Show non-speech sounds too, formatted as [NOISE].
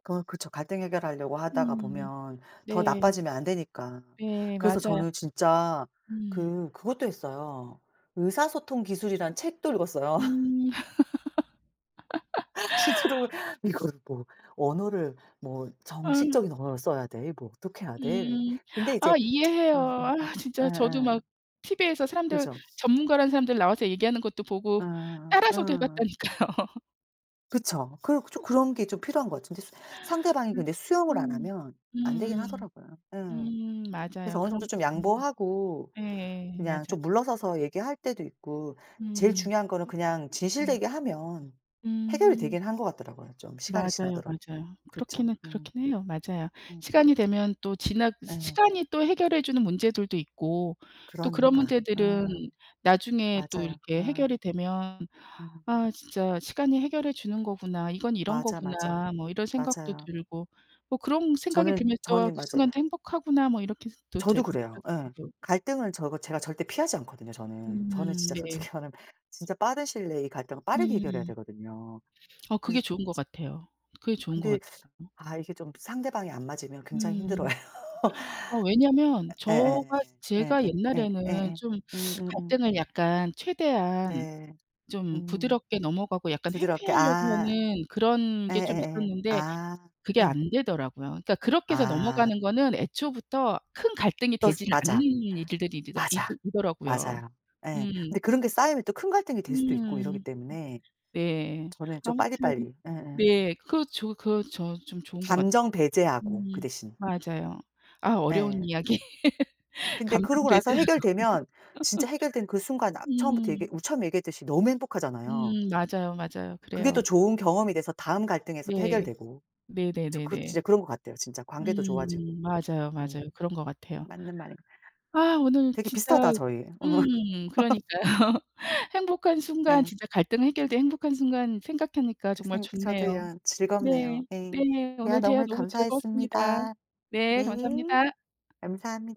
어 그쵸. 갈등 해결하려고 하다가 음. 보면 더 네. 나빠지면 안 되니까. 네 그래서 맞아요. 저는 진짜 음. 그 그것도 했어요. 의사소통 기술이라는 책도 읽었어요. [LAUGHS] 음. 진짜로 [LAUGHS] '이거를 뭐 언어를 뭐 아. 정식적인 언어를 써야 돼? 뭐 어떻게 해야 돼?' 이러는데. 음. 근데 아 이제 이해해요. 어 아 어 어 진짜 저도 예예. 막 티비에서 사람들 그죠. 전문가라는 사람들 나와서 얘기하는 것도 예 보고 따라서도 해 어. 봤다니까요. 그쵸. 그 좀 [LAUGHS] 그런 게 좀 필요한 것 같은데. 수 상대방이 음 근데 수용을 안 음 하면 안 되긴 음 하더라고요. 예. 음 그래서 맞아요. 어느 정도 그런 것도 좀 있는 양보하고 예 그냥 맞아요. 좀 물러서서 얘기할 때도 있고 제일 음. 중요한 거는 그냥 음. 진실되게 하면 해결이 음. 되긴 하는 것 같더라고요, 좀 시간이 맞아요, 지나더라도. 맞아요. 그쵸. 그렇기는 음. 그렇긴 해요. 맞아요. 음. 시간이 되면 또 지나 시 예. 시간이 또 해결해 주는 문제들도 있고 또 그런 그러니까. 문제들은 아. 나중에 또 맞아요. 이렇게 아. 해결이 되면 음. '아 진짜 시간이 해결해 주는 거구나. 이건 이런 맞아, 맞아. 거구나.' 뭐 이런 생각도 맞아요. 들고 뭐 그런 생각이 저는, 들면 또 저는 그 맞아요. 순간도 '행복하구나.' 뭐 이렇게도 저도 되고 그래요. 예. [UNINTELLIGIBLE] 갈등을 저가 제가 절대 피하지 않거든요 저는. 저는 음 진짜 네. 솔직히 말하면 진짜 빠른 시일 내에 이 갈등을 빠르게 해결해야 음. 되거든요. 어 그래 그게 좋은 것 같아요. 그게 좋은 것 근데 같아요. 아 이게 좀 상대방이 안 맞으면 굉장히 음. 힘들어해요. 어 왜냐면 예예예예 저가 예예 제가 예 옛날에는 예예 좀 음음음. 갈등을 약간 최대한 네. 좀 음 부드럽게 넘어가고 약간 부드럽게 회피하려고 아. 하는 그런 게 좀 예예예. 있었는데 아. 그게 예. 안 되더라고요. 그러니까 그렇게 해서 아. 넘어가는 거는 애초부터 큰 갈등이 또 스 되질 않는 맞아. 일들이 일이더 이 맞아. 이더라고요. 맞아요. 예. 음. 근데 그런 게 쌓이면 또 큰 갈등이 될 수도 있고 이러기 음. 때문에 네. 저는 좀 아무튼 빨리빨리 예예. 네 그 저 그 저 좀 좋은 것 같아요. 감정 배제하고, 그 음 대신. 맞아요. 아 어려운 예. 이야기 [LAUGHS] 근데 감정 그러고 나서 배제하고 해결되면 진짜 해결된 그 [LAUGHS] 순간 아 처음부터 얘기 음. 우리 처음에 얘기했듯이 너무 행복하잖아요. 음 맞아요, 맞아요. 그게 또 그래요. 좋은 경험이 돼서 다음 갈등에서 네. 해결되고. 저 그 네네네네. 진짜 그런 것 같아요 진짜. 관계도 좋아지고. 음 맞아요, 음. 맞아요. 그런 것 같아요. 맞는 말인 거 아 오늘 되게 진짜 비슷하다 저희. 어. 음 [LAUGHS] 그러니까요. 행복한 순간 예. 진짜 갈등 해결된 행복한 순간 생각하니까 그 정말 생 좋네요. 저도요 즐겁네요. 네 예. 네 제가 오늘 대화 너무 너무 즐거웠습니다. 감사했습니다. 네 네. 감사합니다. 감사합니다.